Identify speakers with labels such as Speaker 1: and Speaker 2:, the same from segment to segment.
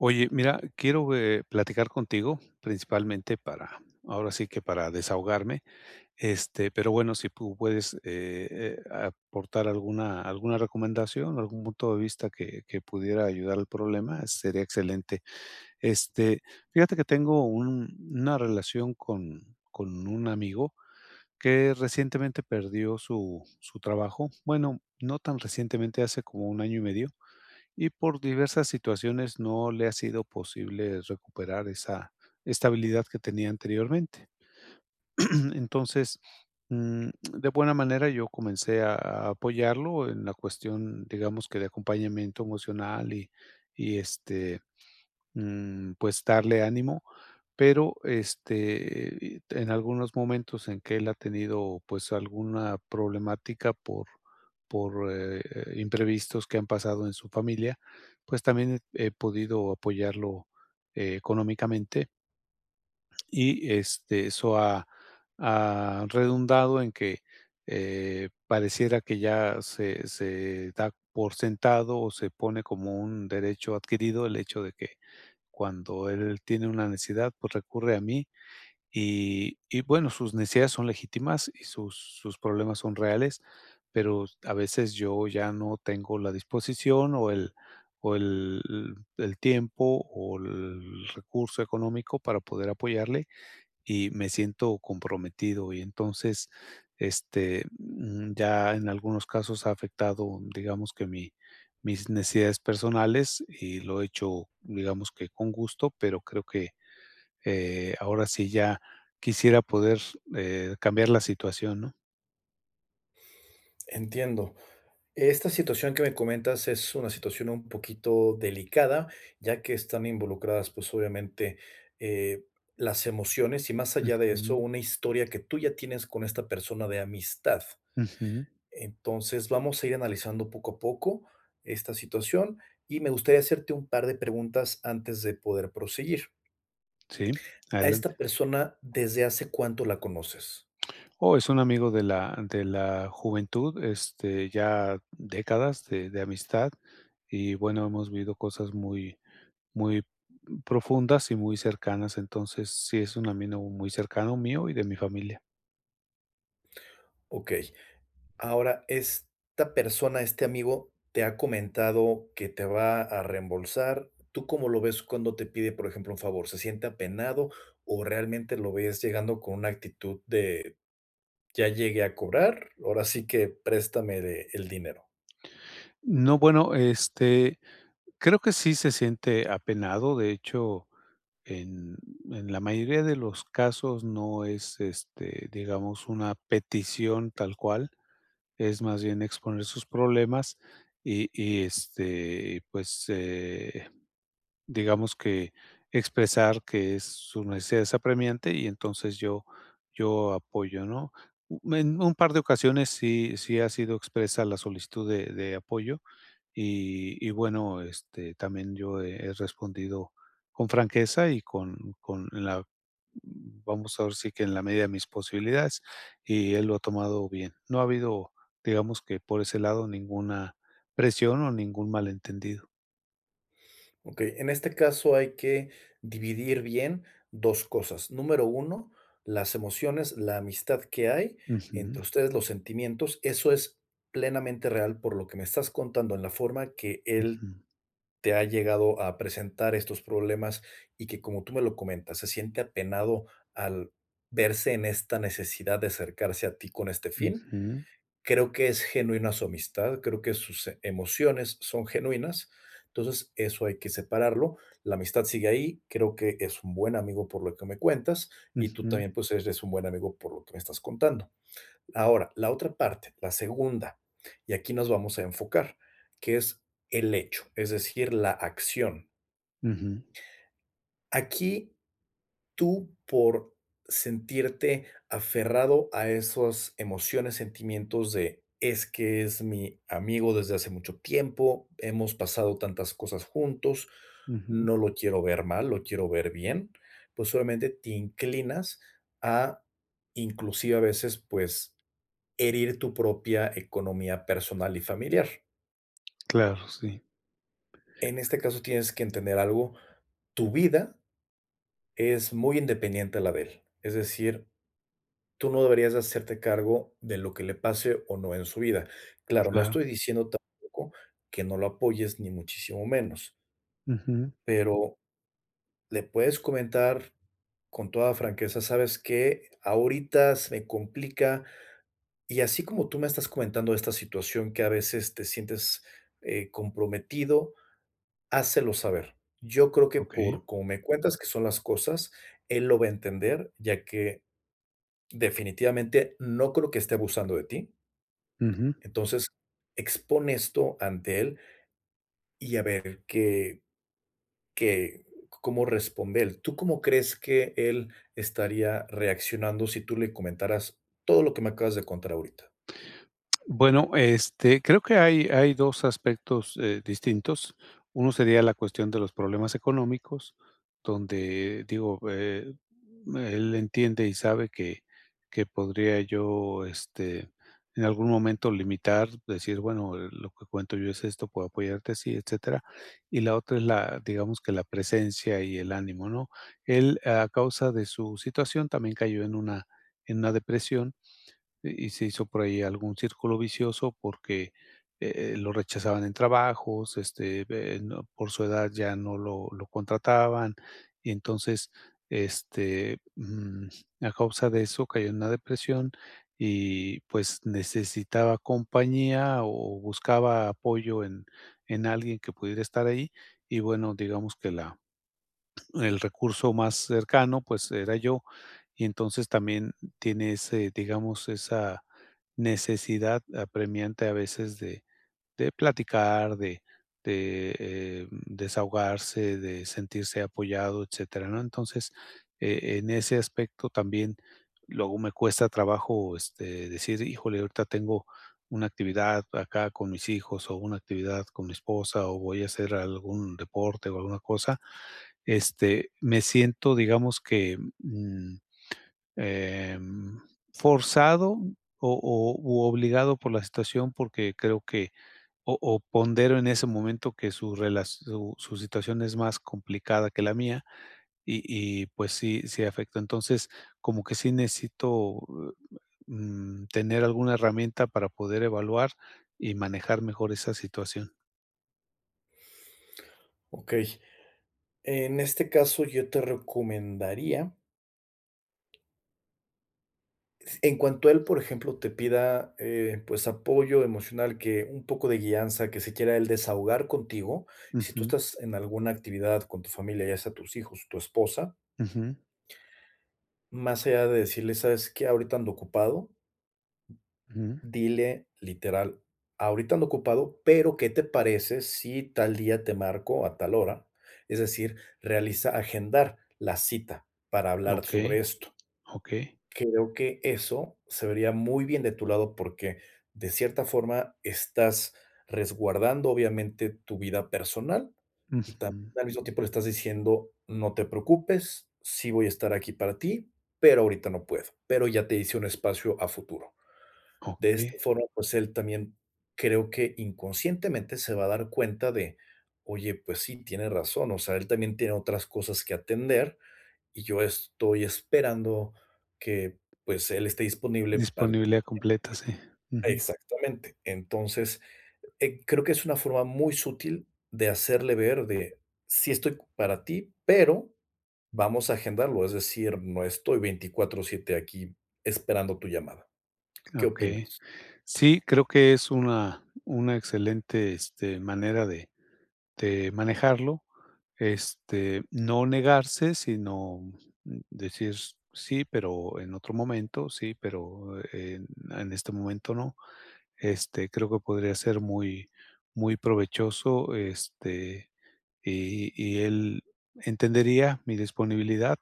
Speaker 1: Oye, mira, quiero, eh, platicar contigo, principalmente para, ahora sí que para desahogarme, este, pero, bueno, si pu puedes, eh eh, aportar alguna alguna recomendación, algún punto de vista que que pudiera ayudar al problema, sería excelente. Este, fíjate que tengo un una relación con con un amigo, que recientemente perdió su su trabajo. Bueno, no tan recientemente, hace como 1 año y medio, y por diversas situaciones no le ha sido posible recuperar esa estabilidad que tenía anteriormente. Entonces, mm, de buena manera yo comencé a apoyarlo, en la cuestión, digamos, que de acompañamiento emocional y y, este, mm, pues darle ánimo. Pero, este, y te en algunos momentos en que él ha tenido, pues, alguna problemática por por, eh, imprevistos que han pasado en su familia, pues también he podido apoyarlo económicamente. Y este, eso ha ha redundado en que, eh, pareciera que ya se se, da por sentado o se pone como un derecho adquirido el hecho de que, cuando él tiene una necesidad, pues, recurre a mí y y bueno, sus necesidades son legítimas y sus sus problemas son reales, pero a veces yo ya no tengo la disposición o el o el el el tiempo o el recurso económico para poder apoyarle, y me siento comprometido y entonces, este, mm, ya en algunos casos ha afectado, digamos que mi mis necesidades personales y lo he hecho, digamos que con gusto, pero creo que, eh, ahora, sí ya quisiera poder, eh, cambiar la situación, ¿no?
Speaker 2: Entiendo. Esta situación que me comentas, es una situación un poquito delicada, ya que están involucradas, pues, obviamente, eh, las emociones y más allá de eso,
Speaker 1: Ujú.
Speaker 2: una historia que tú ya tienes con esta persona de amistad.
Speaker 1: Ujú.
Speaker 2: Entonces, vamos a ir analizando poco a poco esta situación y me gustaría hacerte un par de preguntas antes de poder proseguir.
Speaker 1: Sí,
Speaker 2: A esta
Speaker 1: adelante.
Speaker 2: persona, ¿desde hace cuánto la conoces?
Speaker 1: Oh, es un amigo de la de la juventud, este, ya décadas de de amistad y, bueno, hemos vivido cosas, muy muy profundas y muy cercanas. Entonces, sí, es un amigo muy cercano mío y de mi familia.
Speaker 2: Okey. Ahora, esta persona, este amigo, ¿te ha comentado que te va a reembolsar? ¿Tú cómo lo ves cuando te pide, por ejemplo, un favor, se siente apenado o realmente lo ves llegando con una actitud de: "Ya llegué a cobrar, ahora sí que préstame el dinero"?
Speaker 1: No, bueno, este, creo que sí se siente apenado, de hecho, en en la mayoría de los casos no es, este, digamos, una petición tal cual, es más bien exponer sus problemas y y, este, pues, eh, digamos que expresar que, su necesidad es apremiante y entonces yo yo apoyo, ¿no? En un par de ocasiones sí sí ha sido expresa la solicitud de de apoyo, y y bueno, este, también yo he respondido con franqueza y con con la vamos ahora sí que, en la media de mis posibilidades, y él lo ha tomado bien. No ha habido, digamos que por ese lado, ninguna presión o ningún malentendido.
Speaker 2: Okey, en este caso hay que dividir bien 2 cosas. Número 1 las emociones, la amistad que hay entre
Speaker 1: Ujú.
Speaker 2: ustedes, los sentimientos, eso es plenamente real por lo que me estás contando en la forma que él,
Speaker 1: Ujú.
Speaker 2: te ha llegado a presentar estos problemas y que, como tú me lo comentas, se siente apenado, al verse en esta necesidad de acercarse a ti con este fin.
Speaker 1: Ujú.
Speaker 2: Creo que es genuina su amistad, creo que sus emociones son genuinas, entonces, eso hay que separarlo, la amistad sigue ahí, creo que es un buen amigo por lo que me cuentas, y tú
Speaker 1: Ujú.
Speaker 2: también, pues, eres un buen amigo por lo que me estás contando. Ahora, la otra parte, la segunda, y aquí nos vamos a enfocar, que es el hecho, es decir, la acción.
Speaker 1: Ujú.
Speaker 2: Aquí, tú por sentirte aferrado a esos emociones, sentimientos de: "Es que es mi amigo desde hace mucho tiempo. Hemos pasado tantas cosas juntos,
Speaker 1: Ujú.
Speaker 2: no lo quiero ver mal, lo quiero ver bien". Pues, obviamente te inclinas a, inclusive a veces, pues, herir tu propia economía personal y familiar.
Speaker 1: Claro, sí.
Speaker 2: En
Speaker 1: [unintelligible]
Speaker 2: este caso tienes que entender algo, tu vida es muy independiente a la de él, es decir, tú no deberías de hacerte cargo de lo que le pase o no en su vida. Claro, no
Speaker 1: Claro.
Speaker 2: estoy diciendo tampoco que no lo apoyes, ni muchísimo menos
Speaker 1: Ujú.
Speaker 2: pero le puedes comentar con toda franqueza: "¿Sabes qué? Ahorita se me complica", y así como tú me estás comentando de esta situación que a veces te sientes, eh, comprometido, hácelo saber. Yo creo que,
Speaker 1: Okey.
Speaker 2: por cómo me cuentas que son las cosas, él lo va a entender, ya que, definitivamente no creo que esté abusando de ti.
Speaker 1: Ujú.
Speaker 2: Entonces, expón esto ante él, y a ver qué qué cómo responde él. ¿Tú cómo crees que él estaría reaccionando si tú le comentaras todo lo que me acabas de contar ahorita?
Speaker 1: Bueno, este, creo que hay hay 2 aspectos, eh, distintos, uno sería la cuestión de los problemas económicos, donde, digo, eh, él entiende y sabe que que podría yo, este, en algún momento limitar, decir: "Bueno, eh, lo que cuento yo es esto, puedo apoyarte así, etcétera". Y la otra es la digamos que la presencia y el ánimo, ¿no? Él, a causa de su situación, también cayó en una en una depresión y y se hizo por ahí algún círculo vicioso porque, e eh, lo rechazaban en trabajos, este, ve no por su edad ya no lo lo contrataban, y entonces, este, mm, a causa de eso, cayó en una depresión y, pues, necesitaba compañía o buscaba apoyo en en alguien que pudiera estar ahí, y bueno, digamos que la el recurso más cercano, pues, era yo, y entonces también tiene ese, digamos, esa necesidad apremiante, a veces, de de platicar, de de, eh, desahogarse, de sentirse apoyado, etcétera, ¿no? Entonces, eh, en ese aspecto, también luego me cuesta trabajo, este, decir: "Híjole, ahorita tengo una actividad acá con mis hijos o una actividad con mi esposa, o voy a hacer algún deporte o alguna cosa", este, me siento, digamos que, mm, em, forzado o o u obligado por la situación, porque creo que o o pondero en ese momento que su relas su situación es más complicada que la mía y y, pues sí, sí afecta. Entonces, como que sí necesito, eh, mm, tener alguna herramienta para poder evaluar y manejar mejor esa situación.
Speaker 2: Okey, en este caso yo te recomendaría S en cuanto él, por ejemplo, te pida, eh, pues, apoyo emocional, que un poco de guianza, que se quiera él desahogar contigo, si tú
Speaker 1: Ujú.
Speaker 2: estás en alguna actividad con tu familia, ya sea tus hijos, tu esposa
Speaker 1: Ujú.
Speaker 2: Más allá de decirles: "¿Sabes qué? Ahorita ando ocupado".
Speaker 1: Ujú.
Speaker 2: Dile literal: "Ahorita ando ocupado, pero, ¿qué te parece si tal día, te marco a tal hora?", es decir, realiza, agendar la cita para hablar
Speaker 1: Okey,
Speaker 2: sobre esto,
Speaker 1: okey.
Speaker 2: creo que eso se vería muy bien de tu lado porque, de cierta forma, estás resguardando obviamente tu vida personal, y también
Speaker 1: Ujú.
Speaker 2: al mismo tiempo le estás diciendo: "No te preocupes, sí voy a estar aquí para ti, pero ahorita no puedo, pero ya te hice un espacio a futuro", de esta
Speaker 1: Okey.
Speaker 2: forma, pues, él también creo que inconscientemente se va a dar cuenta de: "Oye, pues sí, tiene razón, o sea, él también tiene otras cosas que atender, y yo estoy esperando que, pues, él esté disponible para". [unintelligible]
Speaker 1: Disponibilidad completa, sí, ujú.
Speaker 2: Exactamente, entonces, eh, creo que es una forma muy sutil de hacerle ver de: "Sí estoy para ti, pero, vamos a agendarlo", es decir: "No estoy 24/ 7 aquí esperando tu llamada", ¿qué
Speaker 1: Okey,
Speaker 2: opinas?
Speaker 1: sí, creo que es una una excelente, este, manera de de manejarlo, este, no negarse, sino decir: "Sí, pero en otro momento, sí, pero en en este momento no", este, creo que podría ser muy muy provechoso, este, y y él entendería mi disponibilidad,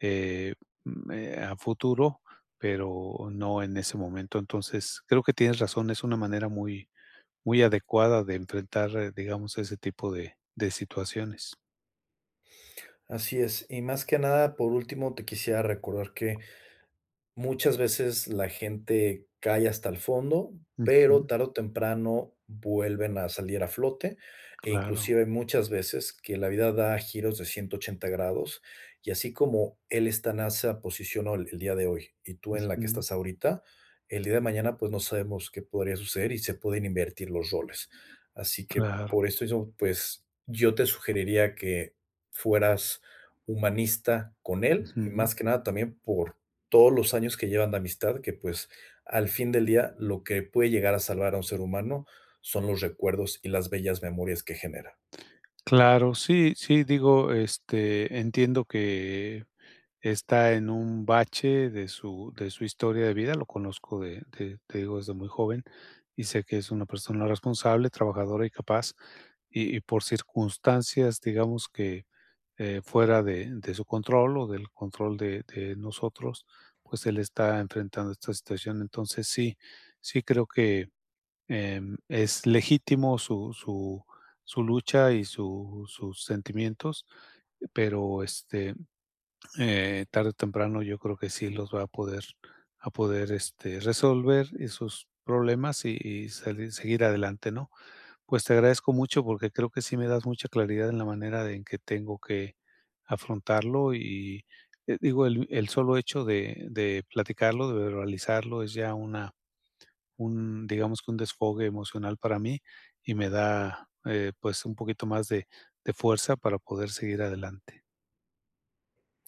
Speaker 1: eh, me a futuro, pero no en ese momento, entonces, creo que tienes razón, es una manera muy muy adecuada de enfrentar, digamos, ese tipo de de situaciones.
Speaker 2: Así es, y más que nada, por último, te quisiera recordar que, muchas veces la gente cae hasta el fondo, pero
Speaker 1: Ujú.
Speaker 2: tarde o temprano vuelven a salir a flote e
Speaker 1: Claro.
Speaker 2: inclusive muchas veces que la vida da giros de 180 grados, y así como él esta en esa posición, ol el día de hoy, y tú en la que
Speaker 1: Ujú.
Speaker 2: estás ahorita, el día de mañana, pues, no sabemos qué podría suceder y se pueden invertir los roles, así que
Speaker 1: Claro.
Speaker 2: por eso yo, pues, yo te sugeriría que fueras humanista con él, y más
Speaker 1: Ujú.
Speaker 2: que nada también por todos los años que llevan de amistad que, pues, al fin del día, lo que puede llegar a salvar a un ser humano son los recuerdos y las bellas memorias que genera.
Speaker 1: Claro, sí sí, digo, este, entiendo que está en un bache de su de su historia de vida, lo conozco de de, te digo, desde muy joven, y sé que es una persona responsable, trabajadora y capaz, y y por circunstancias, digamos que, eh, fuera de de su control o del control de de nosotros, pues, él está enfrentando esta situación, entonces, sí sí creo que, em, es legítimo su su su lucha, y su sus sentimientos, pero, este, eh, tarde o temprano yo creo que sí los va a poder a poder, este, resolver esos problemas y y sali seguir adelante, ¿no?, pues, te agradezco mucho porque creo que sí me das mucha claridad en la manera en que tengo que afrontarlo, y y, eh, digo, el el solo hecho de de platicarlo, de verbalizarlo, es ya una un, digamos que un desfogue emocional para mí y me da, eh, pues, un poquito más de de fuerza para poder seguir adelante.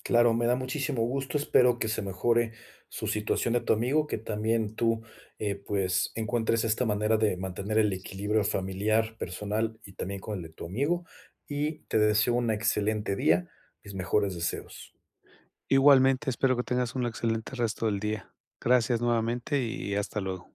Speaker 2: Claro, me da muchísimo gusto, espero que se mejore, su situación de tu amigo, que también tú, eh, pues, encuentres esta manera de mantener el equilibrio familiar, personal y también con el de tu amigo, y te deseo una excelente día, mis mejores deseos.
Speaker 1: Igualmente, espero que tengas un excelente resto del día, gracias nuevamente y hasta luego.